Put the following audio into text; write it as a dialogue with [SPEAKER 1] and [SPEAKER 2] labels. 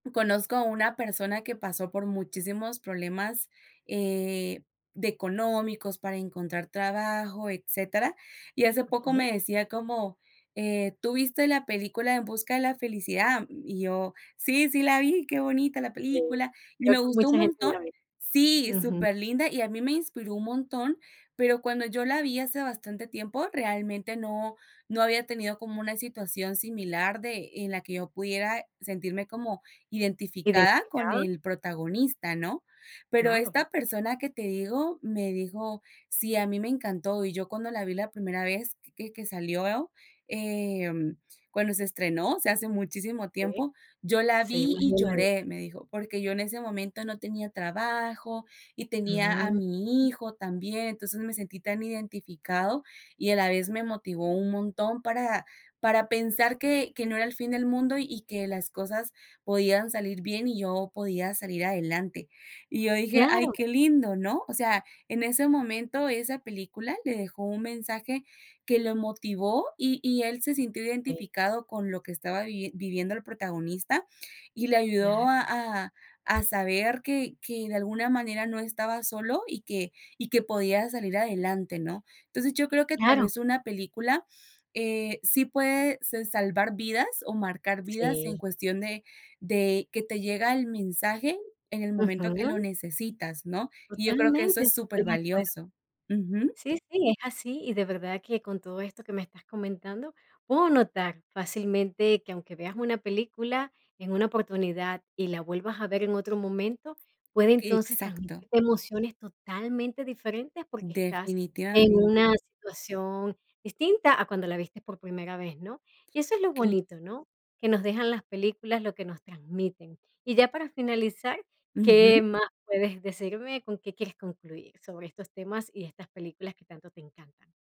[SPEAKER 1] Conozco a una persona que pasó por muchísimos problemas, eh, de económicos, para encontrar trabajo, etcétera, y hace poco
[SPEAKER 2] Okey.
[SPEAKER 1] me decía como, eh, ¿tú viste la película En Busca de la Felicidad?" Y yo: "sí, sí la vi, qué bonita la
[SPEAKER 2] Sí,
[SPEAKER 1] película, y
[SPEAKER 2] creo
[SPEAKER 1] me
[SPEAKER 2] que
[SPEAKER 1] gustó un
[SPEAKER 2] mucha gente
[SPEAKER 1] montón".
[SPEAKER 2] la ve,
[SPEAKER 1] Sí,
[SPEAKER 2] ujú.
[SPEAKER 1] superlinda, y a mí me inspiró un montón, pero cuando yo la vi hace bastante tiempo, realmente no no había tenido como una situación similar de, en la que yo pudiera sentirme como identificada con
[SPEAKER 2] ¿Identificado?
[SPEAKER 1] el protagonista, ¿no? Pero
[SPEAKER 2] Claro.
[SPEAKER 1] esta persona que te digo me dijo: "sí, a mí me encantó, y yo cuando la vi la primera vez que que salió, em, cuando se estrenó, o sea, hace muchísimo
[SPEAKER 2] Sí,
[SPEAKER 1] tiempo, yo la
[SPEAKER 2] sí,
[SPEAKER 1] vi,
[SPEAKER 2] más de
[SPEAKER 1] y
[SPEAKER 2] 1
[SPEAKER 1] lloré",
[SPEAKER 2] década.
[SPEAKER 1] me dijo, "porque yo en ese momento no tenía trabajo y tenía a
[SPEAKER 2] Mm.
[SPEAKER 1] mi hijo también, entonces me sentí tan identificado y a la vez me motivó un montón para para pensar que que no era el fin del mundo y que las cosas podían salir bien y yo podía salir adelante". Y yo dije: "ay,
[SPEAKER 2] Claro.
[SPEAKER 1] qué lindo", ¿no? O sea, en ese momento esa película le dejó un mensaje que lo motivó y y él se sintió
[SPEAKER 2] Sí.
[SPEAKER 1] identificado con lo que estaba viviendo el protagonista y le ayudó
[SPEAKER 2] Claro.
[SPEAKER 1] a a a saber que que, de alguna manera, no estaba solo y que y que podía salir adelante, ¿no? Entonces, yo creo que tal
[SPEAKER 2] Claro.
[SPEAKER 1] vez una película, eh, sí puede s salvar vidas o marcar vidas en
[SPEAKER 2] Sí.
[SPEAKER 1] cuestión de de que te llega el mensaje en el momento que lo
[SPEAKER 2] Ujú.
[SPEAKER 1] necesitas, ¿no? Y yo creo que eso
[SPEAKER 2] Totalmente.
[SPEAKER 1] es súper
[SPEAKER 2] Estoy de acuerdo.
[SPEAKER 1] valioso, ujú.
[SPEAKER 2] Sí, sí, es así, y de verdad que con todo esto que me estás comentando, puedo notar fácilmente que aunque veas una película en una oportunidad y la vuelvas a ver en otro momento, puede
[SPEAKER 1] Que,
[SPEAKER 2] entonces
[SPEAKER 1] exacto.
[SPEAKER 2] transmitirte emociones totalmente diferentes, porque estás en una
[SPEAKER 1] Definitivamente.
[SPEAKER 2] situación distinta a cuando la viste por primera vez, ¿no? Y eso es lo
[SPEAKER 1] Cla
[SPEAKER 2] bonito, ¿no?, que nos dejan las películas, lo que nos transmiten. Y ya para finalizar, ¿qué
[SPEAKER 1] Ujú.
[SPEAKER 2] más puedes decirme? ¿Con qué quieres concluir sobre estos temas y estas películas que tanto te encantan?